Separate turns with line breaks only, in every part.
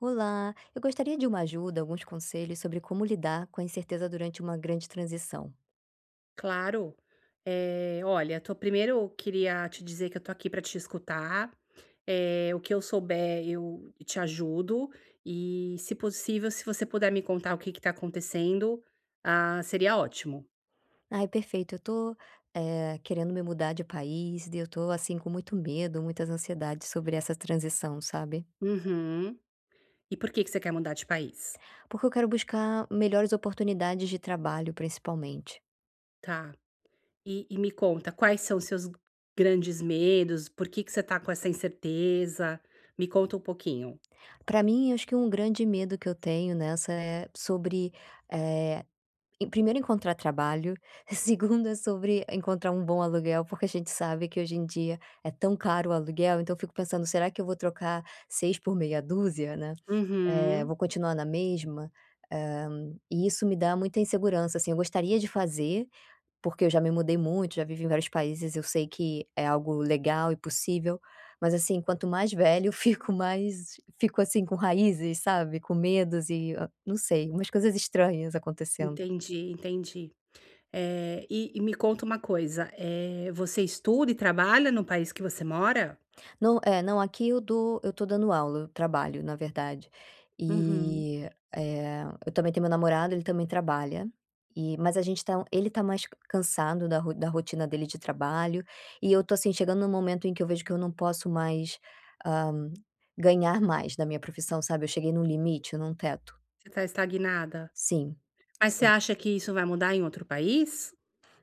Olá. Eu gostaria de uma ajuda, alguns conselhos sobre como lidar com a incerteza durante uma grande transição.
Claro. Eh, olha, tô primeiro queria te dizer que eu tô aqui pra te escutar, eh, o que eu souber, eu te ajudo e, se possível, se você puder me contar o que que tá acontecendo, ah, seria ótimo.
Ai, perfeito. Eu tô, eh, querendo me mudar de país e eu tô assim, com muito medo, muitas ansiedades sobre essa transição, sabe.
Uhum. E por que que você quer mudar de país?
Porque eu quero buscar melhores oportunidades de trabalho, principalmente.
Tá. E e me conta, quais são os seus grandes medos? Por que que você tá com essa incerteza? Me conta um pouquinho.
Pra mim, acho que um grande medo que eu tenho nessa é sobre, eh, e primeiro encontrar trabalho, segundo é sobre encontrar um bom aluguel, porque a gente sabe que hoje em dia é tão caro o aluguel, então eu fico pensando: "Será que eu vou trocar seis por meia duzia, né? Eh,
Uhum.
vou continuar na mesma?", hã, e isso me dá muita insegurança, assim, eu gostaria de fazer, porque eu já me mudei muito, já vivi em vários países, eu sei que é algo legal e possível, mas assim, quanto mais velha eu fico, mais fico assim com raízes, sabe, com medos e, hã, não sei, umas coisas estranhas acontecendo.
Entendi, entendi. Eh, e e me conta uma coisa, eh, você estuda e trabalha no país que você mora?
Não. É, não, aqui eu dou eu tô dando aula, eu trabalho, na verdade.
Uhum.
E, eh, eu também tenho meu namorado, ele também trabalha e mas a gente tá ele está mais c cansado da ro da rotina dele de trabalho e eu tô assim, chegando num momento em que eu vejo que eu não posso mais, ah, ganhar mais da minha profissão, sabe. Eu cheguei num limite, num teto.
Você tá estagnada?
Sim,
Mas você
sim.
acha que isso vai mudar em outro país?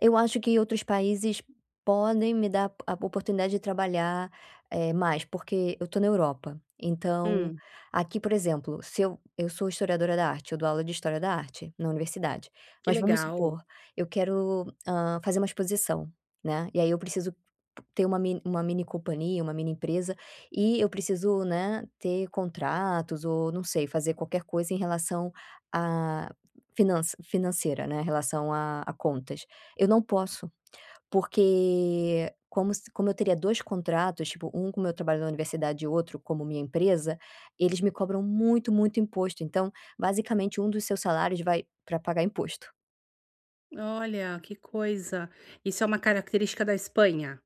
Eu acho que outros países podem me dar a a oportunidade de trabalhar, eh, mais, porque eu tô estou na Europa. Então
Hum.
aqui, por exemplo, se eu eu sou historiadora da arte, eu dou aula de história da arte, na universidade.
Que
Mas vamos
legal.
supor, eu quero, hã, fazer uma exposição, né, e aí eu preciso ter uma min uma mini companhia, uma mini empresa e eu preciso, né, ter contratos ou não sei fazer qualquer coisa em relação à finança financeira, né, em relação a a contas, eu não posso. Porque como se como eu teria 2 contratos, tipo um com meu trabalho na universidade e outro como minha empresa, eles me cobram muito, muito imposto, então basicamente um dos seus salários vai pra pagar imposto.
Olha. Que coisa. Isso é uma característica da Espanha?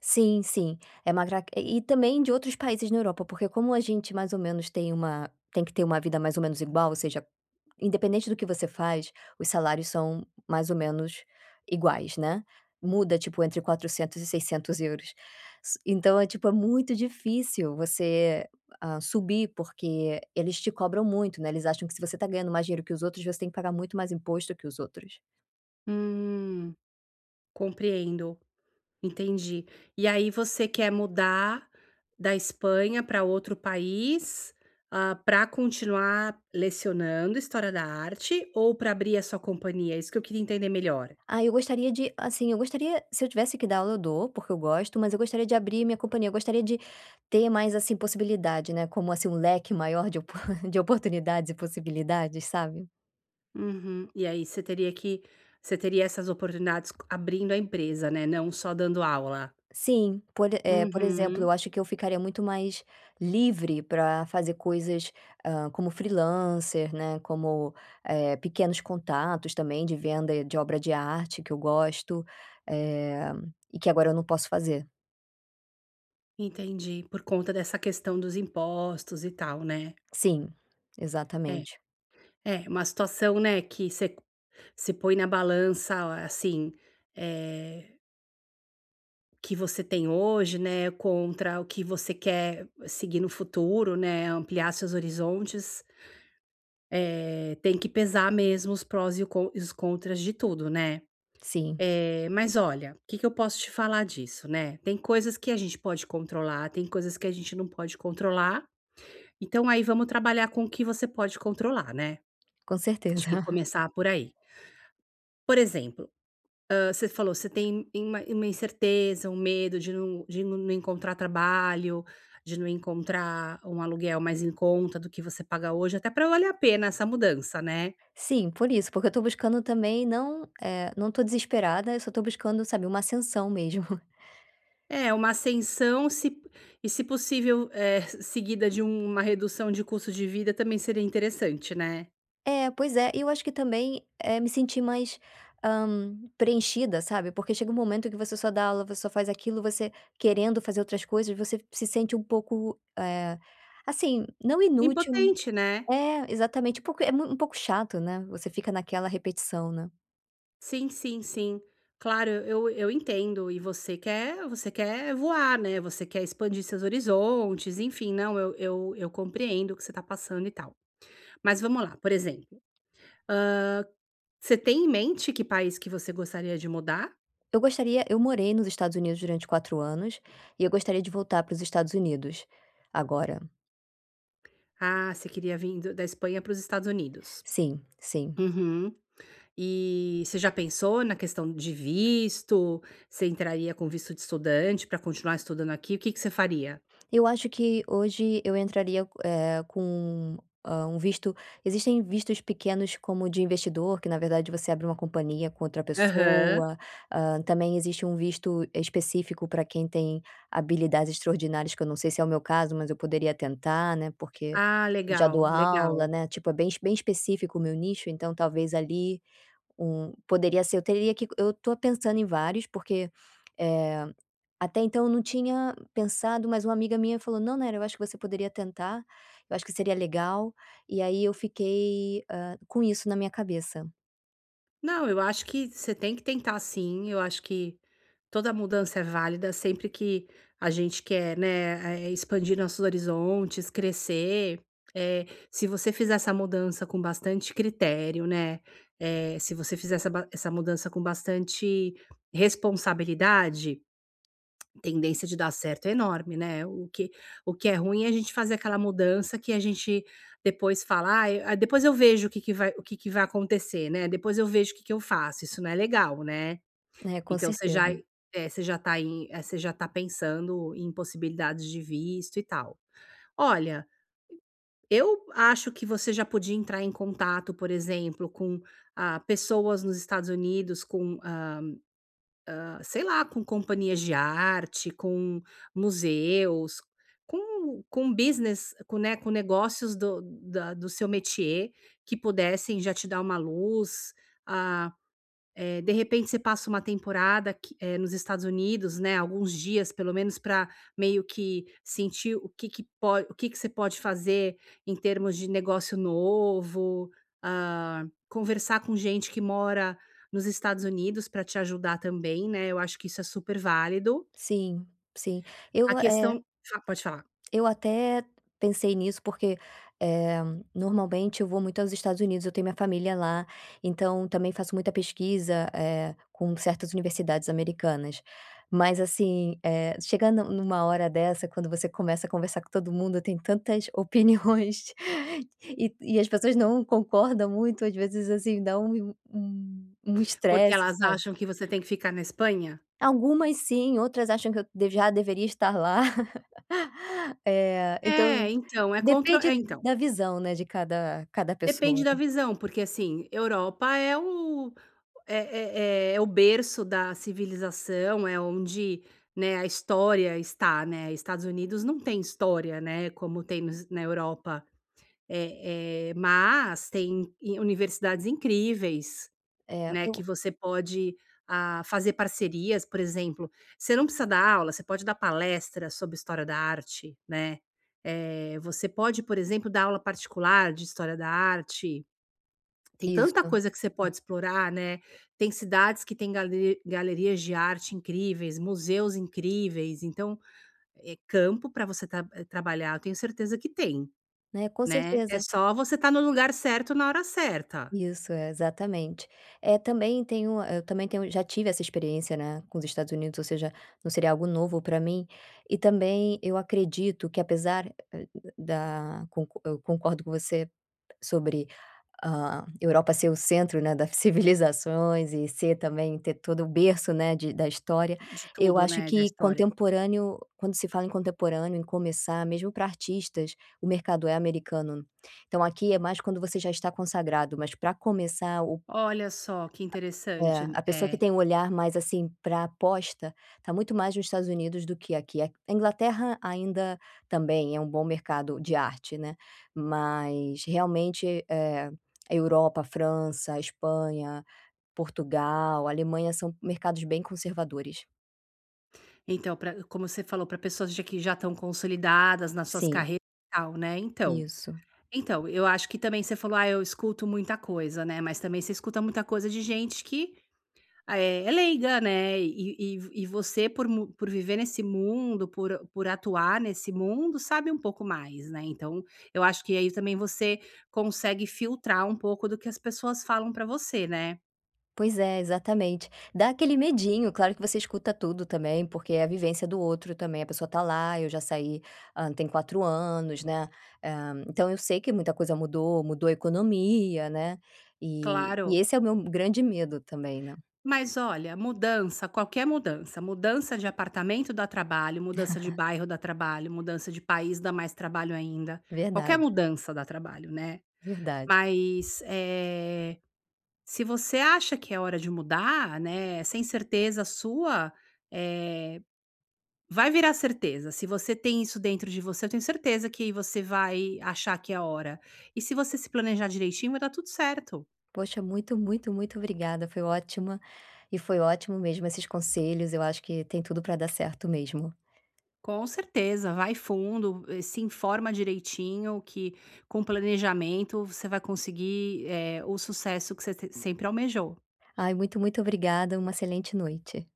Sim, sim. É magraque e também de outros países na Europa, porque como a gente mais ou menos tem uma tem que ter uma vida mais ou menos igual, ou seja, independente do que você faz, os salários são mais ou menos iguais, né? Muda tipo entre 400 € e 600 €. Ci Então é tipo é muito difícil você, ah, subir porque eles te cobram muito, né, eles acham que se você está ganhando mais dinheiro que os outros, você tem que pagar muito mais imposto que os outros.
Hum, compreendo, entendi. E aí você quer mudar da Espanha pra outro país, hã, para continuar lecionando história da arte ou para abrir a sua companhia? É isso que eu queria entender melhor.
Ah, eu gostaria de, assim eu gostaria se eu tivesse que dar aula, eu dou, porque eu gosto, mas eu gostaria de abrir a minha companhia. Eu gostaria de ter mais, assim, possibilidade, né, como assim, um leque maior de opor de oportunidades e possibilidades, sabe?
Uhum. E aí você teria que você teria essas oportunidades co abrindo a empresa, né, não só dando aula.
Sim, por e eh, por exemplo, eu
Uhum.
acho que eu ficaria muito mais livre pra fazer coisas, hã, como freelancer, né, como, eh, pequenos contatos também de venda, de obra de arte, que eu gosto, eh, e que agora eu não posso fazer.
Entendi, por conta dessa questão dos impostos e tal, né?
Sim,
É,
exatamente.
é uma situação, né, que você você põe na balança a assim, eh Que você tem hoje, né. Contra o que você quer seguir no futuro, né. Ampliar seus horizontes. Eh, tem que pesar mesmo os prós e con e os contras de tudo, né.
Sim.
É, mas olha o que que eu posso te falar disso, né. Tem coisas que a gente pode controlar. Tem coisas que a gente não pode controlar. Então, aí vamos trabalhar com o que você pode controlar, né?
Com
Acho que
certeza.
começar por aí. Por exemplo, hã, você falou você tem uma uma incerteza, um medo de não de não encontrar trabalho de não encontrar um aluguel mais em conta do que você paga hoje, até para valer a pena essa mudança, né?
Sim, por isso, porque eu estou buscando também não, é, não estou desesperada. Eu só estou buscando, sabe, uma ascensão mesmo.
É uma ascensão se e se possível, eh, seguida de uma redução de custo de vida também seria interessante, né?
É, pois é, e eu acho que também é me sentir mais, hã, preenchida, sabe, porque chega um momento em que você só dá aula. Você só faz aquilo, você querendo fazer outras coisas, você se sente um pouco, eh, assim, não inútil
Impotente, né?
É exatamente um pouco é mui um pouco chato, né? Você fica naquela repetição, né?
Sim, sim, sim. Claro, eu eu entendo e você quer você quer voar, né? Você quer expandir seus horizontes, enfim, não, eu eu eu compreendo o que você tá passando e tal. Mas vamos lá, por exemplo, hã, você tem em mente que país que você gostaria de mudar?
Eu gostaria eu morei nos Estados Unidos durante 4 anos e eu gostaria de voltar para os Estados Unidos agora.
Ah, você queria vim do da Espanha para os Estados Unidos?
Sim, sim.
Uhum. E você já pensou na questão de visto? Você entraria com visto de estudante para continuar estudando aqui? O que que você faria?
Eu acho que hoje eu entraria, eh, com, ah, um visto Existem vistos pequenos, como de investidor, que na verdade você abre uma companhia com outra
Aham.
pessoa. Ah, também existe um visto específico para quem tem habilidades extraordinárias, que eu não sei se é o meu caso, mas eu poderia tentar, né, porque
Ah,
já dou
legal,
aula,
legal.
né? Tipo, é bem bem específico o meu nicho, então talvez ali um poderia ser. Eu teria que eu tô pensando em vários, porque, eh, até então eu não tinha pensado, mas uma amiga minha falou: "Não, Nayara, eu acho que você poderia tentar, eu acho que seria legal". E aí eu fiquei, ah, com isso na minha cabeça.
Não, eu acho que você tem que tentar sim, eu acho que toda mudança é válida, sempre que a gente quer, né, eh, expandir nossos horizontes, crescer. Eh, se você fizer essa mudança com bastante critério, né. Eh, se você fizer essa ba essa mudança com bastante responsabilidade. Tendência de dar certo é enorme, né. O que o que é ruim é a gente fazer aquela mudança que a gente depois fala: "Ai depois eu vejo o que que vai o que que vai acontecer, né? Depois eu vejo o que que eu faço!". Isso não é legal, né?
É, com
Então você já
certeza.
aí você já tá aí, eh você já tá pensando em possibilidades de visto e tal. Olha eu acho que você já podia entrar em contato, por exemplo, com, ah, pessoas nos Estados Unidos, com hã hã, sei lá com companhias de arte, com museus com com business com né, com negócios do da do seu métier que pudessem já te dar uma luz. Ah, eh, de repente, você passa uma temporada aqui eh, nos Estados Unidos, né. Alguns dias, pelo menos pra meio que sentir o que que pode o que que você pode fazer, em termos de negócio novo. Hã, conversar com gente que mora nos Estados Unidos para te ajudar também, né. Eu acho que isso é super válido.
Sim, sim. Eu
A
go é
questão fa pode falar.
eu até pensei nisso, porque, eh, normalmente eu vou muito aos Estados Unidos, eu tenho minha família lá, então também faço muita pesquisa, eh, com certas universidades americanas. Mas assim, eh, chegando numa hora dessa, quando você começa a conversar com todo mundo, tem tantas opiniões e e as pessoas não concordam muito, às vezes assim dá um um um
Porque
estresse,
elas
sabe
acham que você tem que ficar na Espanha?
Algumas sim, outras acham que eu de já deveria estar lá. Eh, então
É, então. É contro
depende
é, então.
da visão, né, de cada cada pessoa,
Depende da
né.
visão, porque assim Europa é o é é é é o berço da civilização, é onde, né, a história está, né. Estados Unidos não tem história, né. Como tem nos na Europa eh eh, mas tem, i universidades incríveis.
É,
Né, que
ubo
você pode, ah, fazer parcerias, por exemplo. Você não precisa dar aula, você pode dar palestra sobre história da arte, né. Eh, você pode, por exemplo, dar aula particular de história da arte. Tem tanta
Isto.
coisa que você
Hum.
pode explorar, né, tem cidades que têm gale galerias de arte incríveis, museus incríveis. Então, eh, campo para você tra trabalhar eu tenho certeza que tem,
Né, com
né. É
certeza
só você estar no lugar certo na hora certa.
Isso. É exatamente. Eh, também tenho, hã, eu também tenho já tive essa experiência, né, com os Estados Unidos, ou seja, não seria algo novo para mim. E também eu acredito que, apesar [unintelligible] da con eu concordo com você sobre a Europa ser o centro, né, da civilizações e ser também, ter todo o berço, né, de da história.
De
Eu
tudo,
acho
né. Da
que
história.
contemporâneo, quando se fala em contemporâneo em começar mesmo para artistas, o mercado é americano. Então aqui é mais quando você já está consagrado, mas para começar o
Olha só. Que interessante.
É. A pessoa que
É...
tem um olhar mais, assim, para aposta, tá muito mais nos Estados Unidos do que aqui. Aqu É a Inglaterra ainda também é um bom mercado de arte, né. Mas realmente, eh, a Europa, França, Espanha, Portugal, Alemanha são mercados bem conservadores.
Então, pra como você falou, pra pessoas j que já estão consolidadas nas suas
Sim.
carreiras e tal, né. Então
Isso.
então eu acho que também você falou: "Ah, eu escuto muita coisa, né". Mas também você escuta muita coisa de gente que é é leiga, né. E e e você por mu por viver nesse mundo, por por atuar nesse mundo, sabe um pouco mais, né. Então eu acho que aí também você consegue filtrar um pouco do que as pessoas falam para você, né.
Pois é, exatamente, dá aquele medinho. Claro que você escuta tudo também, porque é a vivência do outro também. A pessoa está lá. Eu já saí, hã, tem 4 anos, né. Eh, então eu sei que muita coisa mudou, mudou a economia, né. E e
Claro.
esse é o meu grande medo também, né.
Mas, olha, mudança, qualquer mudança. Mudança de apartamento dá trabalho, mudança de bairro dá trabalho, mudança de país dá mais trabalho ainda. Qualquer
Verdade.
mudança dá trabalho, né.
Verdade.
Mas, eh, se você acha que é hora de mudar, né, sem certeza sua, eh, vai virar certeza. Se você tem isso dentro de você, eu tenho certeza que você vai achar que é a hora e, se você se planejar direitinho, vai dar tudo certo.
Poxa, muito, muito, muito obrigada. Foi ótima e foi ótimo mesmo esses conselhos. Eu acho que tem tudo para dar certo mesmo.
Com certeza vai fundo. Se informa direitinho, que com o planejamento você vai conseguir, eh, o sucesso que você s sempre almejou.
Ai muito, muito obrigada, uma excelente noite.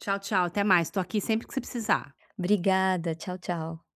Tchau, tchau. Até mais Estou aqui sempre que você precisar.
Obrigada. Tchau, tchau.